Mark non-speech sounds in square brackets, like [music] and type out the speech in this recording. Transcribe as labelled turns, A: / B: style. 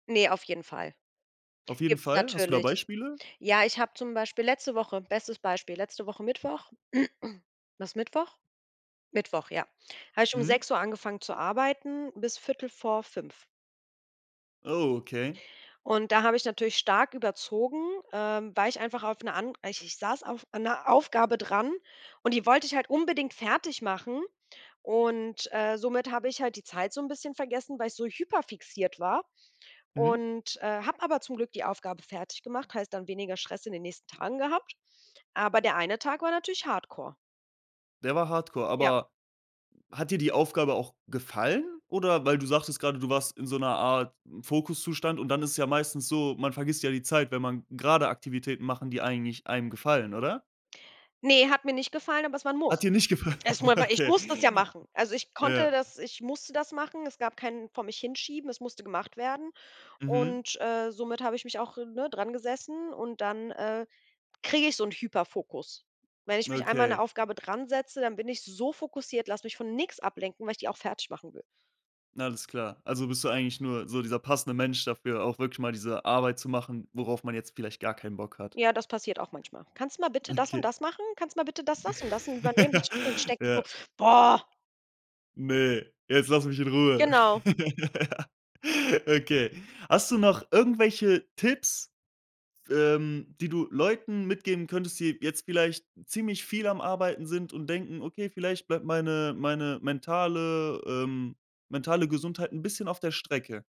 A: Ne, auf jeden Fall.
B: Auf jeden
A: Gibt's
B: Fall. Hast du da
A: natürlich.
B: Beispiele?
A: Ja, ich habe zum Beispiel letzte Woche bestes Beispiel, letzte Woche Mittwoch. [clears throat] War es Mittwoch? Mittwoch, ja. Habe ich um
B: Mhm.
A: 6:00 angefangen zu arbeiten bis 4:45.
B: Oh okay.
A: Und da habe ich natürlich stark überzogen, ähm, weil ich einfach auf 'ne and ich ich saß auf einer Aufgabe dran und die wollte ich halt unbedingt fertig machen und, äh, somit habe ich halt die Zeit so 'n bisschen vergessen, weil ich so hyperfixiert war
B: Mhm.
A: und, äh, habe aber zum Glück die Aufgabe fertiggemacht, heißt dann weniger Stress in den nächsten Tagen gehabt. Aber der eine Tag war natürlich Hardcore.
B: Der war Hardcore,
A: Ja.
B: aber hat dir die Aufgabe auch gefallen, oder weil du sagtest grade, du warst in so 'ner Art Fokuszustand und dann ist es ja meistens so, man vergisst ja die Zeit, wenn man grade Aktivitäten machen, die eigentlich einem gefallen, oder?
A: Ne, hat mir nicht gefallen, aber es war 'n Muss.
B: Hat dir nicht gefallen?
A: Es ma
B: [chuckles]
A: war ich
B: Okay.
A: muss das ja machen. Also, ich konnte
B: Ja.
A: das ich musste das machen. Es gab keinen vor mich hinschieben, es musste gemacht werden
B: Mhm.
A: und, äh, somit habe ich mich auch, ne, drangesessen und dann, äh, kriege ich so 'nen Hyperfokus. Wenn ich mich einmal an 'ne
B: Okay.
A: Aufgabe dransetze, dann bin ich so fokussiert, lass mich von nix ablenken, weil ich die auch fertigmachen will.
B: Alles klar. Also bist du eigentlich nur so dieser passende Mensch dafür, auch wirklich mal diese Arbeit zu machen, worauf man jetzt vielleicht gar keinen Bock hat?
A: Ja, das passiert auch manchmal: „Kannst du mal bitte das und
B: Okay.
A: das machen? Kannst du mal bitte das, das und das übernehmen, [unintelligible] ich
B: [chuckles]
A: denke mir so:
B: Ja.
A: Boah.“
B: Ne, jetzt lass mich in Ruhe.
A: Genau.
B: [laughs] Okay. Hast du noch irgendwelche Tipps, f ähm, die du Leuten mitgeben könntest, die jetzt vielleicht ziemlich viel am Arbeiten sind und denken: „Okay, vielleicht bleibt meine meine mentale ähm, mentale Gesundheit 'n bisschen auf der Strecke.“?